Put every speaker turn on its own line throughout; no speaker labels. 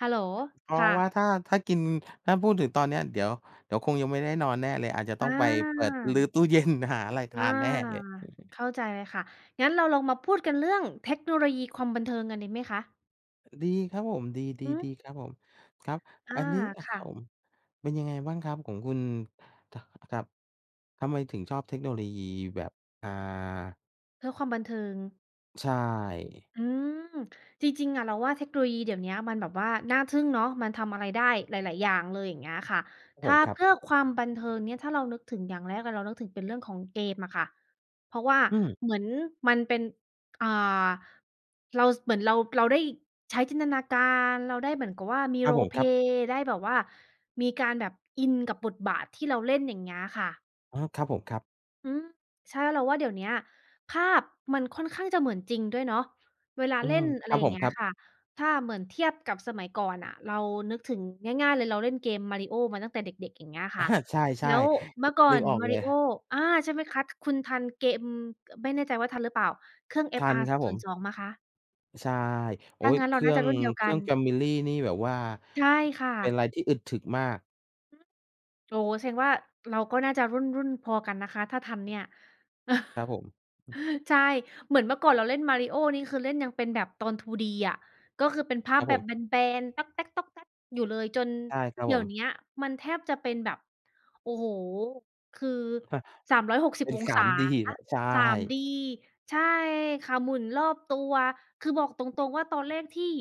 ฮัลโหล
อ๋อ
ค่ะ
ว่า ถ้า ถ้ากิน ถ้าพูดถึงตอนเนี้ย เดี๋ยว เดี๋ยวคงยังไม่ได้นอนแน่เลย อาจจะต้องไปเปิดรื้อ
อา
ตู้ เย็น หาอะไรท
อา
านแน่เลย
เข้าใจเลยค่ะ งั้นเราลองมาพูดกันเรื่องเทคโนโลยีความบันเทิงกันดีไหมคะ?
ดีครับผม ด
อืม
ี ๆ ๆ ครับผม ครับ
อ
อ
า
ันนี้ อะ
ค
ครั
่
บ
ะ
ผม เป็นยังไงบ้างครับของคุณ? ท ครับ ทำไมถึงชอบเทคโนโลยีแบบ อ่า
เพื่อความบันเทิง
ใช่
อืม จริง ๆ อะเราว่าเทคโนโลยีเดี๋ยวเนี้ย มันแบบว่าน่าทึ่งเนาะ มันทำอะไรได้หลาย ๆ อย่างเลย อย่างเงี้ยค่ะ
ครับ
ถ
ผ
้า
ม ครั
เพ
บ
ื่อความบันเทิงเนี่ย ถ้าเรานึกถึงอย่างแรกเลย เรานึกถึงเป็นเรื่องของเกมอะค่ะ เพราะว่า
อืม
เหมือนมันเป็น อ่า เรา ส เหมือนเรา เราได้ใช้จินตนาการ เราได้เหมือนกับว่า มี
ครับผม ครับ
roleplay ได้แบบว่ามีการแบบอินกับบทบาทที่เราเล่น อย่างเงี้ยค่ะ
อ๋อ ครับผม ครับ
อืม ใช่ เราว่า เดี๋ยวเนี้ย ภาพมันค่อนข้างจะเหมือนจริงด้วยเนาะ เวลา
อื
เล่
ม
น อ
ค
ะไ
ร
ร
ับ
อย่
ผ
างเง
ม
ี้
คร
ย
ับ
ค่ะ ถ้าเหมือนเทียบกับสมัยก่อนน่ะ เรานึกถึง ง่าย ๆ เลย เราเล่นเกม Mario มาตั้งแต่เด็ก ๆ อย่างเงี้ยค่ะ
ใช
แล
่
้วเมื่อก่อ
ๆ นึก
น
ออกเล
Mario
ย
อา ใช่ไหมคัด คุณทันเกม ไม่แน่ใจว่าทันหรือเปล่า? เครื่อง
ทันครับผม
FR02 ไหมคะ?
ใช่ โอ๊
ถ้า
ย
งั้น
เ
เ
ค
รา
รื
น
่
่า
อ
จะ
ง
รุ่นเดียว
เค
ก
รื
ั
่อง
น
Family นี่แบบว่า
ใช่ค่
เป็นไ
ะ
รที่อึดถึกมาก
อือ โอ้โฮ แสดงว่า เราก็น่าจะรุ่น ๆ พอกันนะคะ ถ้าทันเนี่ย
ครับผม อือ
ใช่ เหมือนเมื่อก่อนเราเล่น Mario นี่ คือเล่นยังเป็นแบบตอน 2D อะ ก็คือเป็นภา
คร
พ
ับ
แบ
ผ
บ
ม
แบน ๆ อยู่เลย จน
ใช่ครับ
เด
ผ
ี๋ย
ม
วเนี้ยมันแทบจะเป็นแบบ โอ้โฮ คือ สามร้อยหกสิ
เป
บ
็น
อง
ส
ศ
าม
า
ดี แหละ ใช่
3D ใช่ค่ะ หมุนรอบตัว คือบอกตรง ๆ ว่า ตอนเล่นที่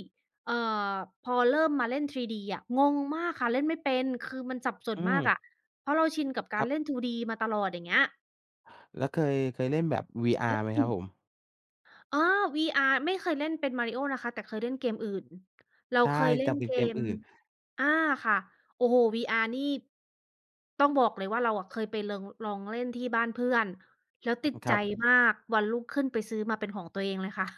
เอ่อ พอเริ่มมาเล่น 3D อะ งงมากค่ะ เล่นไม่เป็น คือมันสับส
อื
นมากอะ
ม
เพราะเราชินกับก
ค
าร
รับ
เล่น 2D มาตลอด อย่างเงี้ย
แล้วเคย เคยเล่นแบบ VR ไหมครับผม?
อ๋อ VR ไม่เคยเล่นเป็น Mario นะคะ แต่เคยเล่นเกมอื่น เรา
ใช่
เคยเ
แ
ล
ต
่
่
น
เป็
เก
นเกม
ม
อื่น
อา ค่ะ โอ้โฮ VR นี่ ต้องบอกเลยว่า เราอะเคยไปเลิง ลองเล่นที่บ้านเพื่อน แล้ว
อื
ติด
ม ค
ใ
ร
จ
ับ
มาก วันรุ่งขึ้นไปซื้อมาเป็นของตัวเองเลยค่ะ